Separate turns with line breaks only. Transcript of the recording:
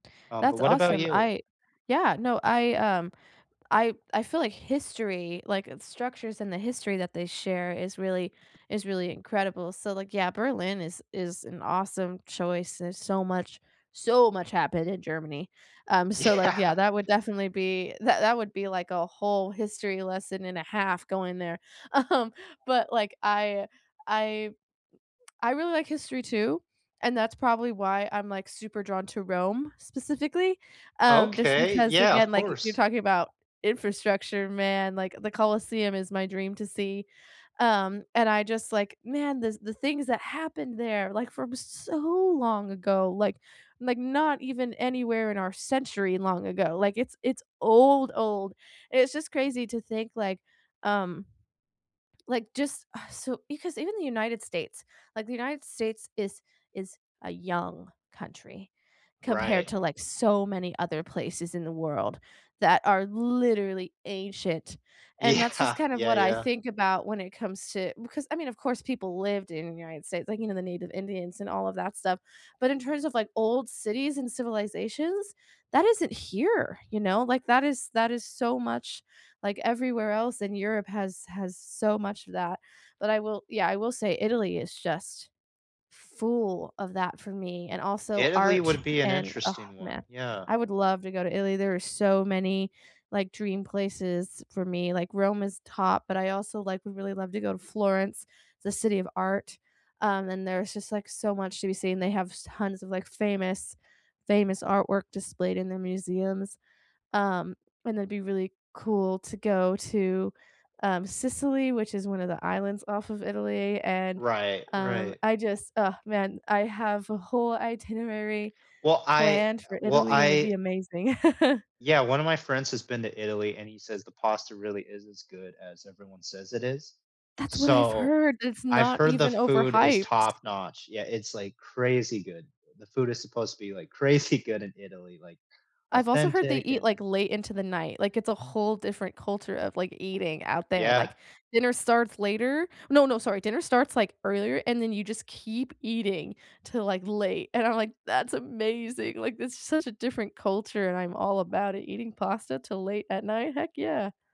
Um, but
That's
what about
awesome.
you?
I Yeah, no, I, um I I feel like history, like, uh, the structures and the history that they share is really is really incredible. So like, yeah, Berlin is is an awesome choice. There's so much so much happened in Germany. Um, so like,
Yeah.
yeah, that would definitely be that that would be like a whole history lesson and a half going there. Um, but like, I I I really like history too, and that's probably why I'm, like, super drawn to Rome specifically. Um, just
Okay.
because,
Yeah, of
again, like, you're
course.
talking about infrastructure, man. Like, the Colosseum is my dream to see. Um, and I just, like man, the the things that happened there, like, from so long ago, like like, not even anywhere in our century long ago. Like, it's it's old old. It's just crazy to think, like, um Like, just ugh, so because even the United States like, the United States is is a young country compared
Right.
to, like, so many other places in the world that are literally ancient. And that's just
Yeah.
kind of
Yeah,
what I
yeah.
think about when it comes to because I mean, of course, people lived in United States, like, you know, the native Indians and all of that stuff. But in terms of, like, old cities and civilizations? That isn't here, you know? Like, that is that is so much like, everywhere else, and Europe has has so much of that. But I will yeah, I will say Italy is just full of that for me, and also
Italy
art,
would be an
and, oh,
interesting one,
man,
yeah.
I would love to go to Italy, there are so many, like, dream places for me, like, Rome is top, but I also, like, would really love to go to Florence, the city of art. Um, and there's just, like, so much to be seen, they have s tons of, like, famous famous artwork displayed in the museums. Um, and it'd be really cool to go to, um, Sicily, which is one of the islands off of Italy. And,
Right,
um,
right.
I just ugh, man, I have a whole itinerary
Well, I
planned
uh,
for
well,
Italy, and it'd
I
be amazing.
Yeah, one of my friends has been to Italy, and he says the pasta really is as good as everyone says it is.
That's what I've
So,
heard, that it's
I've
not
heard the
even
food is
overhyped.
top-notch. Yeah, it's like crazy good. The food is supposed to be, like, crazy good in Italy, like
I've also heard they
authentic
eat,
and
like, late into the night, like, it's a whole different culture of, like, eating out there, like,
Yeah.
dinner starts later. No, no, sorry, dinner starts, like, earlier and then you just keep eating till, like, late and I'm like, "That's amazing. Like, this is such a different culture and I'm all about it. Eating pasta till late at night? Heck, yeah."